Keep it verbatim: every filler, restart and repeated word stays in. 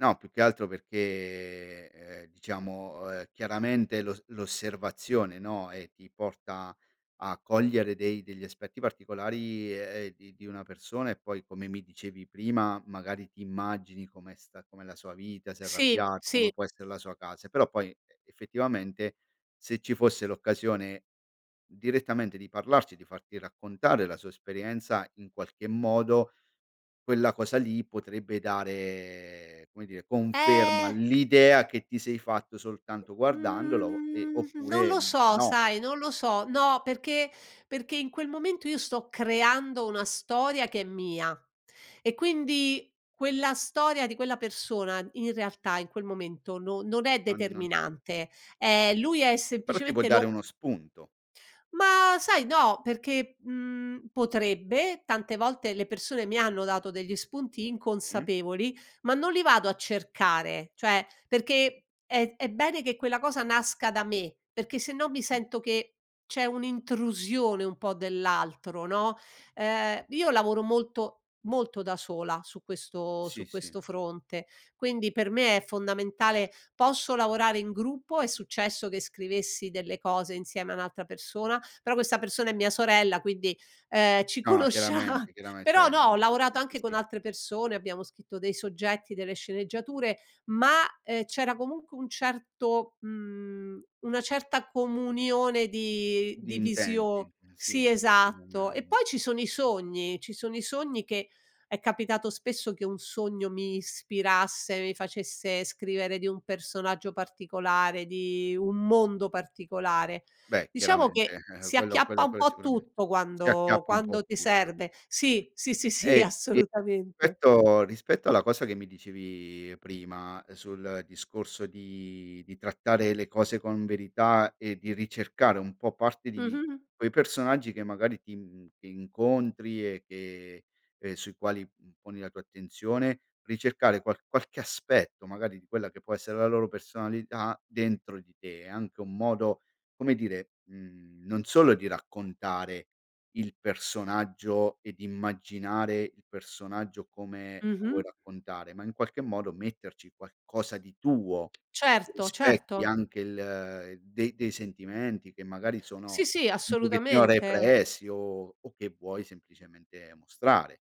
No, più che altro perché ehm, diciamo, ehm, chiaramente, l'os l'osservazione, no, ehm, ti porta a cogliere dei degli aspetti particolari, ehm, di di una persona e poi come mi dicevi prima, magari ti immagini come sta com'è la sua vita, se è Sì, arrabbiato, sì. come può essere la sua casa, però poi e effettivamente se ci fosse l'occasione direttamente di parlarci, di farti raccontare la sua esperienza, in qualche modo, quella cosa lì potrebbe dare, come dire, conferma Ehm all'idea che ti sei fatto soltanto guardandolo e Mhmm, non oppure lo so, no. sai? Non lo so. No, perché perché in quel momento io sto creando una storia che è mia e quindi quella storia di quella persona, in realtà, in quel momento, no non è Non non determinante, ehm, lui è Però ti può semplicemente dare lo uno spunto. Ma, sai, no perché, mhmm, potrebbe, tante volte le persone mi hanno dato degli spunti E? inconsapevoli, ma non li vado a cercare, cioè, perché è è bene che quella cosa nasca da me, perché sennò mi Mh. sento che c'è un'intrusione un po' dell'altro, no? Ehm, io lavoro molto molto da sola su questo Sì, su sì. questo fronte, quindi per me è fondamentale. Posso lavorare in gruppo, è successo che scrivessi delle cose insieme a un'altra persona, però questa persona è mia sorella quindi, uhm, ci No, conoscia chiaramente, chiarame però ceh, no, ho [unintelligible] Sì, lavorato anche con sì. altre persone, abbiamo scritto dei soggetti, delle sceneggiature, ma, ehm, c'era comunque un certo mhmm, una certa comunione di Di di intenti, visio sì, sì. Ehm, esatto. E non poi ci sono i sogni, ci sono i sogni che è capitato spesso che un sogno mi ispirasse, mi facesse scrivere di un personaggio particolare, di un mondo particolare. Beh, Diciamo chiaramente. che si Quello acchiappa quello un quello po' sicurame tutto si quando acchiappa un po' quando ti tutto. serve. Sì, sì, sì, Ehm, sì, e assolutamente. petto rispetto alla cosa che mi dicevi prima sul discorso di di trattare le cose con verità e di ricercare un po' parte di Mh-mh, mh. quei personaggi che magari ti n che incontri e che ehm, sui quali, mhmm, poni la tua attenzione, ricercare qual qualche aspetto magari di quella che può essere la loro personalità dentro di te. È anche un modo, come dire, mhmm, non solo di raccontare il personaggio e di immaginare il personaggio come lo vuoi Mh-mh. raccontare, ma, in qualche modo, metterci qualcosa di tuo. Certo, Rispetti certo. anche il dei dei sentimenti che magari Sì, sono sì, un pochettino assolutamente. repressi o o che vuoi semplicemente mostrare.